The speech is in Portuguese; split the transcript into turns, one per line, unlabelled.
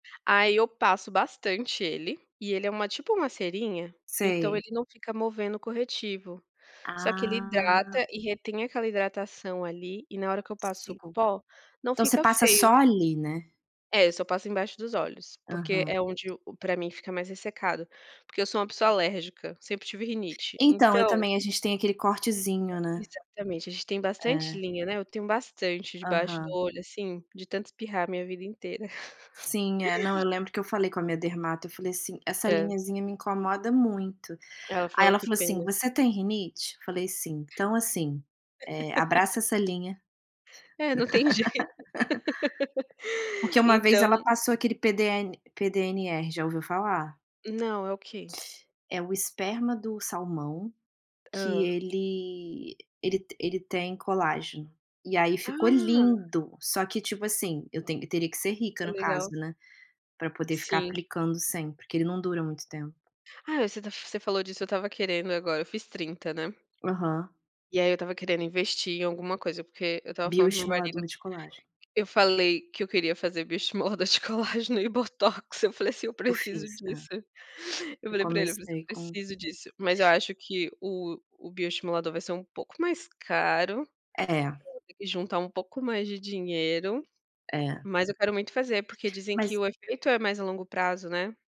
Aí eu passo bastante ele, e ele é uma, tipo, uma cerinha, então
Sei.
ele não fica movendo o corretivo. Só que ele
Ah.
hidrata e retém aquela hidratação ali, e na hora que eu passo o
[unintelligible]
pó, não
.Então você
fica
passa
feio.
só ali, né.
É, eu só passo embaixo dos olhos, porque
Aham.
é onde o o para mim fica mais ressecado. Porque eu sou uma pessoa alérgica, sempre tive rinite,
Então eu
então.
também, a gente tem aquele
É,
cortezinho, né.
exatamente, a gente tem bastante
É.
linha, né, eu tenho bastante debaixo do
Aham.
olho assim, de tanto espirrar a minha vida inteira.
Sim é, não, eu lembro que eu falei com a minha dermato, eu falei assim: "Essa
Hã.
linhazinha me incomoda muito".
Ela
Aí
falou:
ela
"Que
falou assim:
pena".
"Você tem rinite?". Eu falei: "Sim", "Então assim, eh, abraça essa linha".
É, não tem jeito.
Porque uma vez ela
Então
passou aquele PDN PDNR, já ouviu falar?
Não, é o quê?
É o esperma do salmão, que
Hã?
ele, ele te ele tem colágeno. E aí ficou
Ah.
lindo, só que tipo assim, eu tenho teria que ser rica
É
no caso,
legal.
né. Para poder ficar
Sim.
aplicando sempre, porque ele não dura muito tempo.
Ah você ta você falou disso eu estava querendo agora eu fiz 30, né.
Aham.
E aí eu estava querendo investir em alguma coisa, porque eu estava falando para o meu
Bioestimulador
marido,
de colágeno.
eu falei que eu queria fazer bioestimulador de colágeno e botox, eu falei assim: "Eu
Eu
preciso
fiz, ah.
disso". Eu
Eu
falei para ele, eu falei assim: "Eu
comecei com
preciso disso", mas eu acho que o o bioestimulador vai ser um pouco mais caro,
É.
[unintelligible] juntar um pouco mais de dinheiro,
É.
mas eu quero muito fazer porque dizem que
Mas
o efeito é mais a longo prazo, né.